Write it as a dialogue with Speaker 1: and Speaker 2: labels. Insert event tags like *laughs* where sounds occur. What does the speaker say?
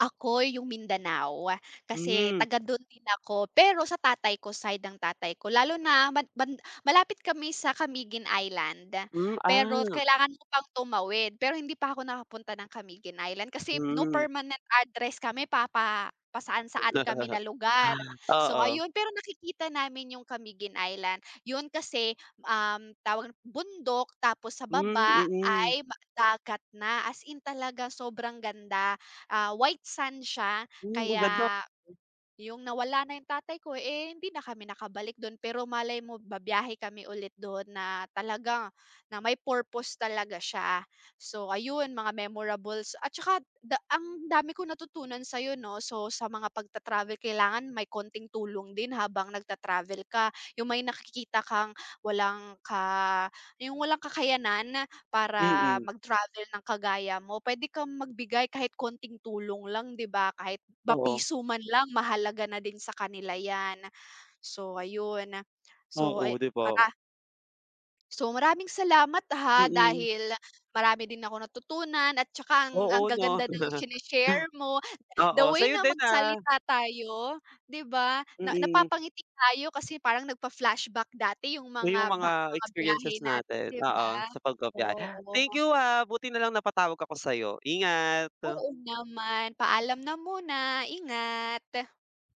Speaker 1: Ako yung Mindanao. Kasi
Speaker 2: Hmm.
Speaker 1: taga dun din ako, pero sa tatay ko, side ng tatay ko. Lalo na ban ban malapit kami sa Camiguin Island.
Speaker 2: Hmm,
Speaker 1: Pero
Speaker 2: ah.
Speaker 1: kailangan mo pang tumawid, pero hindi pa ako nakapunta ng Camiguin Island kasi no
Speaker 2: Mm.
Speaker 1: permanent address kami, papa pa-saan-saan kami
Speaker 2: *laughs*
Speaker 1: na lugar. So
Speaker 2: Oo.
Speaker 1: ayun, pero nakikita namin yung Camiguin Island. Yun kasi, um, tawag bundok tapos sa
Speaker 2: Hmm,
Speaker 1: baba
Speaker 2: mm.
Speaker 1: ay dagat na. As in talagang sobrang ganda. Ah, white sand siya
Speaker 2: Hmm, maganda.
Speaker 1: kaya yung nawala na yung tatay ko, eh, hindi na kami nakabalik dun, pero malay mo babiyahe kami ulit dun na talagang na may purpose talaga siya. So ayun, mga memorables at tsaka da ang dami kong natutunan sa'yo 'no. So, sa mga pagta-travel kailangan may konting tulong din habang nagta-travel ka. Yung may nakikita kang walang ka yung walang kakayanan para
Speaker 2: Mm.
Speaker 1: mag-travel ng kagaya mo, puwede kang magbigay kahit konting tulong lang, di ba? Kahit ba
Speaker 2: Oo.
Speaker 1: piso man lang mahalaga na din sa kanila 'yan. So ayun. So,
Speaker 2: Oo,
Speaker 1: ayu
Speaker 2: di ba?
Speaker 1: mara So, maraming salamat ha,
Speaker 2: Mm.
Speaker 1: dahil marami din akong natutunan at tsaka ang ang
Speaker 2: Oo, 'no.
Speaker 1: gaganda ng
Speaker 2: *laughs*
Speaker 1: shine-share mo. The
Speaker 2: Oo,
Speaker 1: way
Speaker 2: sa'yo
Speaker 1: na
Speaker 2: din, ah.
Speaker 1: magsalita tayo, di ba? Na
Speaker 2: Mm.
Speaker 1: napapangiti tayo kasi parang nagfa-flashback dati yung
Speaker 2: Oh, yung
Speaker 1: mga ba
Speaker 2: mga
Speaker 1: mga biyahe
Speaker 2: experiences
Speaker 1: natin,
Speaker 2: natin.
Speaker 1: di ba?
Speaker 2: Oo, sa pagbabiyahe. Thank
Speaker 1: Oo.
Speaker 2: you, ha buti nalang napatawag ako sa'yo. Ingat.
Speaker 1: Oo naman. Paalam na muna, ingat.